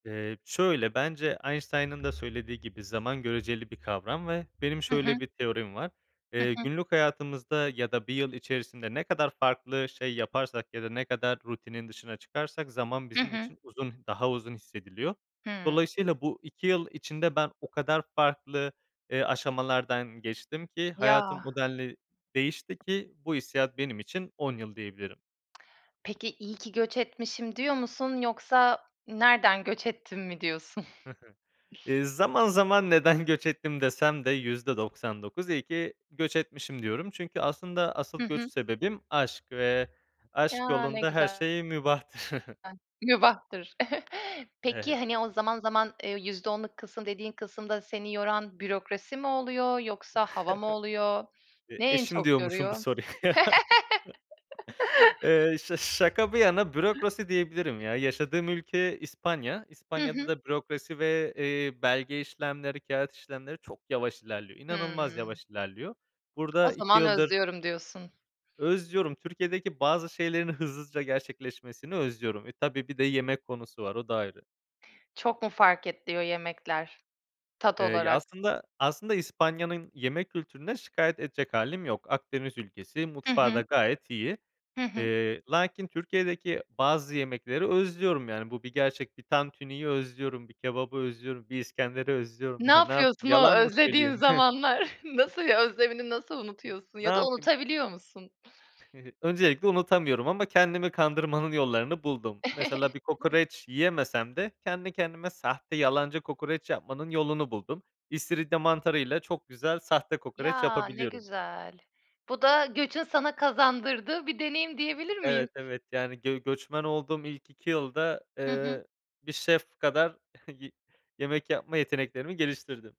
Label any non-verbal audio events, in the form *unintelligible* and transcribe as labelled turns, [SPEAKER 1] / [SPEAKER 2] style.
[SPEAKER 1] Eee, şöyle, bence Einstein'ın da söylediği gibi, zaman göreceli bir kavram ve benim
[SPEAKER 2] Hı hı.
[SPEAKER 1] şöyle bir teorim var.
[SPEAKER 2] Hı
[SPEAKER 1] Eee,
[SPEAKER 2] hı.
[SPEAKER 1] günlük hayatımızda ya da 1 yıl içerisinde ne kadar farklı şey yaparsak ya da ne kadar rutinin dışına çıkarsak zaman
[SPEAKER 2] Hı
[SPEAKER 1] bizim
[SPEAKER 2] hı.
[SPEAKER 1] için uzun daha uzun hissediliyor.
[SPEAKER 2] Hımm.
[SPEAKER 1] Dolayısıyla bu 2 yıl içinde ben o kadar farklı, eee, aşamalardan geçtim ki hayatım
[SPEAKER 2] Ya!
[SPEAKER 1] o denli değişti ki bu hissiyat benim için 10 yıl diyebilirim.
[SPEAKER 2] Peki iyi ki göç etmişim diyor musun yoksa nereden göç ettim mi diyorsun?
[SPEAKER 1] Hı hı. Eee, zaman zaman neden göç ettim desem de %99 iyi ki göç etmişim diyorum. Çünkü aslında
[SPEAKER 2] Hı
[SPEAKER 1] asıl göç
[SPEAKER 2] hı.
[SPEAKER 1] sebebim aşk ve aşk
[SPEAKER 2] Ya, ne
[SPEAKER 1] yolunda her
[SPEAKER 2] güzel.
[SPEAKER 1] şey mübahtır. *chuckles*
[SPEAKER 2] *unintelligible* Mübahtır. *giggles* Peki,
[SPEAKER 1] Evet.
[SPEAKER 2] hani, o zaman zaman, eee, %10'luk kısım dediğin kısımda seni yoran bürokrasi mi oluyor yoksa hava mı oluyor?
[SPEAKER 1] *chuckles* Eee,
[SPEAKER 2] Ne en
[SPEAKER 1] eşim
[SPEAKER 2] çok
[SPEAKER 1] diyormuşum bu
[SPEAKER 2] yoruyor?
[SPEAKER 1] soruya. *laughs* Eee, ş şaka bir yana,
[SPEAKER 2] *laughs*
[SPEAKER 1] bürokrasi diyebilirim ya. Yaşadığım ülke İspanya.
[SPEAKER 2] Hı
[SPEAKER 1] İspanya'da
[SPEAKER 2] hı.
[SPEAKER 1] da bürokrasi ve, eee, belge işlemleri, kağıt işlemleri çok yavaş ilerliyor, inanılmaz
[SPEAKER 2] Hımm.
[SPEAKER 1] yavaş ilerliyor.
[SPEAKER 2] O
[SPEAKER 1] Burada 2
[SPEAKER 2] zaman
[SPEAKER 1] yıldır
[SPEAKER 2] özlüyorum diyorsun.
[SPEAKER 1] Özlüyorum. Türkiye'deki bazı şeylerin hızlıca gerçekleşmesini özlüyorum. E, tabii bir de yemek konusu var, o da ayrı.
[SPEAKER 2] Çok mu fark ediyor yemekler tat
[SPEAKER 1] Eee, ya,
[SPEAKER 2] olarak?
[SPEAKER 1] aslında aslında İspanya'nın yemek kültüründen şikâyet edecek hâlim yok. Akdeniz ülkesi,
[SPEAKER 2] Hı
[SPEAKER 1] mutfağı da
[SPEAKER 2] hı.
[SPEAKER 1] gayet iyi.
[SPEAKER 2] Hı hı.
[SPEAKER 1] Eee, lakin Türkiye'deki bazı yemekleri özlüyorum yani bu bir gerçek. Bir tantuniyi özlüyorum, bir kebabı özlüyorum, bir iskenderi özlüyorum.
[SPEAKER 2] Ne
[SPEAKER 1] Ya, ne yapayım,
[SPEAKER 2] yapıyorsun o
[SPEAKER 1] yalan mı söyleyeyim?
[SPEAKER 2] özlediğin zamanlar?
[SPEAKER 1] *chuckles*
[SPEAKER 2] Nasıl özlemini nasıl unutuyorsun
[SPEAKER 1] Ne
[SPEAKER 2] ya da
[SPEAKER 1] yapayım
[SPEAKER 2] unutabiliyor musun?
[SPEAKER 1] *giggles* Öncelikle unutamıyorum ama kendimi kandırmanın yollarını buldum. Mesela bir kokoreç
[SPEAKER 2] *chuckles*
[SPEAKER 1] yiyemesem de kendi kendime sahte, yalancı kokoreç yapmanın yolunu buldum. İstiridye mantarıyla çok güzel sahte kokoreç
[SPEAKER 2] Ya! Ne
[SPEAKER 1] yapabiliyorum.
[SPEAKER 2] güzel. Bu da göçün sana kazandırdığı bir deneyim diyebilir
[SPEAKER 1] Evet,
[SPEAKER 2] miyiz?
[SPEAKER 1] evet yani gö göçmen olduğum ilk 2 yılda,
[SPEAKER 2] Hı hı.
[SPEAKER 1] eee, bir şef kadar *chuckles* y yemek yapma yeteneklerimi geliştirdim.